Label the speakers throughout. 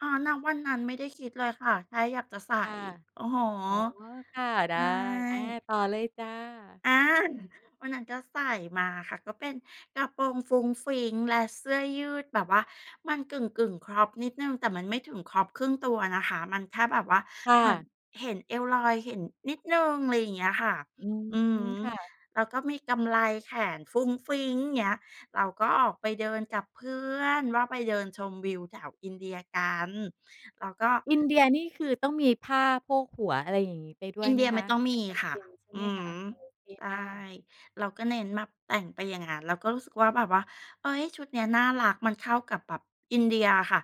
Speaker 1: อ๋อ ณ วันนั้นไม่ได้คิดเลยค่ะ แค่อยากจะใส่
Speaker 2: ค่ะ
Speaker 1: อือฮึ
Speaker 2: อ๋อ ค่ะ ได
Speaker 1: ใช
Speaker 2: ้ อ่า
Speaker 1: ่
Speaker 2: ต่อเลยจ้ะ
Speaker 1: อา วันนั้นก็ใส่มาค่ะ ก็เป็นกระโปรงฟรุ้งฟริ้งและเสื้อยืด แบบว่ามันกึ่ง ๆ Crop นิดหนึ่ง แต่มันไม่ถึง Crop ครึ่งตัวนะคะ มันแค่แบบว่า
Speaker 2: ค่
Speaker 1: เหมือน
Speaker 2: ะ
Speaker 1: เห็นเอวลอยเห็น นิดหนึ่ง อะไรอย่างเงี้ยค่ะ
Speaker 2: อื
Speaker 1: อือ
Speaker 2: ม
Speaker 1: ฮึ
Speaker 2: ค่ะ
Speaker 1: แล้วก็มีกำไรแขนฟรุ้งฟริ้ง เงี้ย เราก็ออกไปเดินกับเพื่อนว่า ไปเดินชมวิวแถวอินเดียกัน แล้วก็
Speaker 2: อินเดีย นี่คือต้องมีผ้าโพกหัว อะไรอย่างงี้ ไปด้
Speaker 1: อ
Speaker 2: ว
Speaker 1: ิ
Speaker 2: ย
Speaker 1: นเ
Speaker 2: ไ
Speaker 1: ด
Speaker 2: ห
Speaker 1: ี
Speaker 2: ม
Speaker 1: ย
Speaker 2: ค
Speaker 1: ไม่
Speaker 2: ะ?
Speaker 1: ต้องม
Speaker 2: ไ
Speaker 1: ี
Speaker 2: ม่จ
Speaker 1: ค
Speaker 2: ำ
Speaker 1: ่
Speaker 2: เ
Speaker 1: ะ
Speaker 2: ป็นใช่
Speaker 1: อื
Speaker 2: ไ
Speaker 1: อ
Speaker 2: หมค
Speaker 1: ฮ
Speaker 2: ะ?
Speaker 1: ึ
Speaker 2: โอเค
Speaker 1: ใช่
Speaker 2: ค่ะ
Speaker 1: เราก็เน้นมาแต่งไปอย่างงั้น เราก็รู้สึกว่าแบบว่า "เฮ้ย! ชุดนี้น่ารัก มันเข้ากับแบบอินเดียอะค่ะ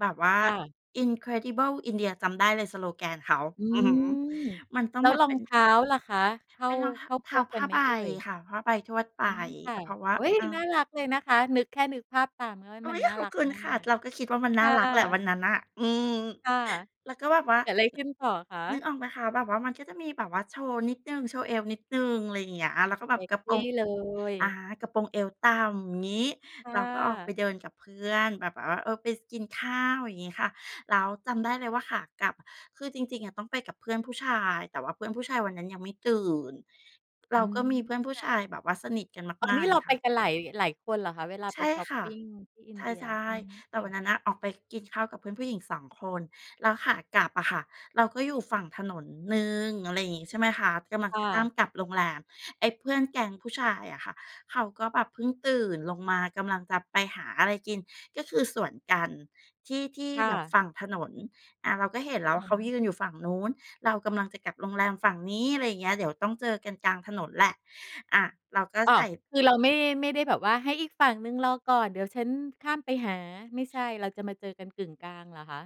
Speaker 1: แบบว่า
Speaker 2: ค่ะ
Speaker 1: Incredible India" จำได้เลยสโลแกนเขา
Speaker 2: อื
Speaker 1: อือฮึ
Speaker 2: ม
Speaker 1: มันต้อ
Speaker 2: แ
Speaker 1: ง
Speaker 2: ล้
Speaker 1: แ
Speaker 2: ว
Speaker 1: บบ
Speaker 2: รอ
Speaker 1: เป็
Speaker 2: ง
Speaker 1: น
Speaker 2: เท้าล่ะคะ เข้า
Speaker 1: เป็นรองท
Speaker 2: เ
Speaker 1: ะ
Speaker 2: ข้า
Speaker 1: เท
Speaker 2: พ
Speaker 1: ้า
Speaker 2: วก
Speaker 1: ผ
Speaker 2: กั
Speaker 1: ้
Speaker 2: น
Speaker 1: า
Speaker 2: ไหม
Speaker 1: ใบ
Speaker 2: เอ่ย?
Speaker 1: ค่ะ ผ้าใบทวดไป
Speaker 2: อืม ค่ะ
Speaker 1: อา เพราะว่า
Speaker 2: โอ๊ย!
Speaker 1: เอา
Speaker 2: น่ารักเลยนะคะ นึก แค่นึกภาพตาม เฮ้ย
Speaker 1: อุ๊
Speaker 2: มัน
Speaker 1: ย!
Speaker 2: น่า
Speaker 1: ขอ
Speaker 2: ร
Speaker 1: บ
Speaker 2: ัก
Speaker 1: คุณ
Speaker 2: มา
Speaker 1: ค่ะ
Speaker 2: ก
Speaker 1: เราก็คิดว่ามัน
Speaker 2: ค
Speaker 1: น่า
Speaker 2: ่
Speaker 1: รักแหละ ว
Speaker 2: ะ
Speaker 1: ันนั้นน่ะ อืม
Speaker 2: ค่ะ
Speaker 1: แล้วก็แบบว่า
Speaker 2: เกิดไรขึ้นต่อคะ?
Speaker 1: นึกออกไหมคะ แบบว่ามันก็จะมีแบบว่าโชว์นิดหนึ่ง โชว์เอวนิดหนึ่ง อะไรอย่างเงี้ย แล้วก็แบ
Speaker 2: เซ
Speaker 1: บ
Speaker 2: ก
Speaker 1: กระโ
Speaker 2: ซ
Speaker 1: ปร
Speaker 2: ี
Speaker 1: ง
Speaker 2: เลย
Speaker 1: อา กระโปรงเอวต่ำ งี้
Speaker 2: ค่
Speaker 1: เราก็ออกไ
Speaker 2: ะ
Speaker 1: ปเดินกับเพื่อน แบบว่า เอ๋อ เออ ไป ส กินข้าว อย่างงี้ค่ะ แล้วจำได้เลยว่าขากลับ คือจริง ๆ อะ ต้องไปกับเพื่อนผู้ชาย แต่เพื่อนผู้ชายวันนั้นยังไม่ตื่น เร
Speaker 2: อ
Speaker 1: า
Speaker 2: ื
Speaker 1: ก็มี
Speaker 2: ม
Speaker 1: เพื่อนผู้
Speaker 2: ค
Speaker 1: ช
Speaker 2: ่
Speaker 1: า
Speaker 2: ะ
Speaker 1: ยแบบว่าสนิทกัน
Speaker 2: อ๋อ อ
Speaker 1: ม
Speaker 2: ั
Speaker 1: า
Speaker 2: นน
Speaker 1: ก
Speaker 2: ี้
Speaker 1: ๆ
Speaker 2: เร
Speaker 1: ง
Speaker 2: า
Speaker 1: ี้
Speaker 2: ไ
Speaker 1: ค
Speaker 2: ป
Speaker 1: ่ะ
Speaker 2: กันหลาย หลายคนเหรอคะ? เวลา
Speaker 1: ใช
Speaker 2: ไป
Speaker 1: ่
Speaker 2: ชอป
Speaker 1: ค่ะ
Speaker 2: ปิงที่อิ
Speaker 1: ใ
Speaker 2: นเดีย
Speaker 1: ช่
Speaker 2: อืม
Speaker 1: ๆ แต่
Speaker 2: ค่
Speaker 1: ว
Speaker 2: ะ
Speaker 1: ันนั้นน่ะ ออกไปกินข้าวกับเพื่อนผู้หญิง 2 คน แล้วขากลับอะค่ะ เราก็อยู่ฝั่งถนนหนึ่ง อะไรงี้ ใช่ไหมคะ กำลัง
Speaker 2: ค
Speaker 1: จ
Speaker 2: ่
Speaker 1: ะข้า
Speaker 2: ะ
Speaker 1: มกลับโรงแรม ไอ้เพื่อนแก๊งผู้ชายอะค่ะ เขาก็แบบเพิ่งตื่นลงมา กำลังจะไปหาอะไรกิน ก็คือสวนกันที่ ที่
Speaker 2: ค่
Speaker 1: แบบ
Speaker 2: ะ
Speaker 1: ฝั่งถนน อา เราก็เห็น
Speaker 2: อ
Speaker 1: แล
Speaker 2: ื
Speaker 1: ้
Speaker 2: อ
Speaker 1: วว่า เขา
Speaker 2: ฮึ
Speaker 1: ยืนอยู่ฝั่งนู้น เรากำลังจะกลับโรงแรมฝั่งนี้ อะไรอย่างเงี้ย เดี๋ยวต้องเจอกันกลางถนนแหละ อะ เราก็
Speaker 2: อ้
Speaker 1: ใ
Speaker 2: า
Speaker 1: ส
Speaker 2: ว!
Speaker 1: ่
Speaker 2: คือเราไม่ ไม่ได้แบบว่า "ให้อีกฝั่งหนึ่งรอก่อน เดี๋ยวฉันข้ามไปหา" ไม่ใช่ เราจะมาเจอกันกึ่งกลางเหรอคะ?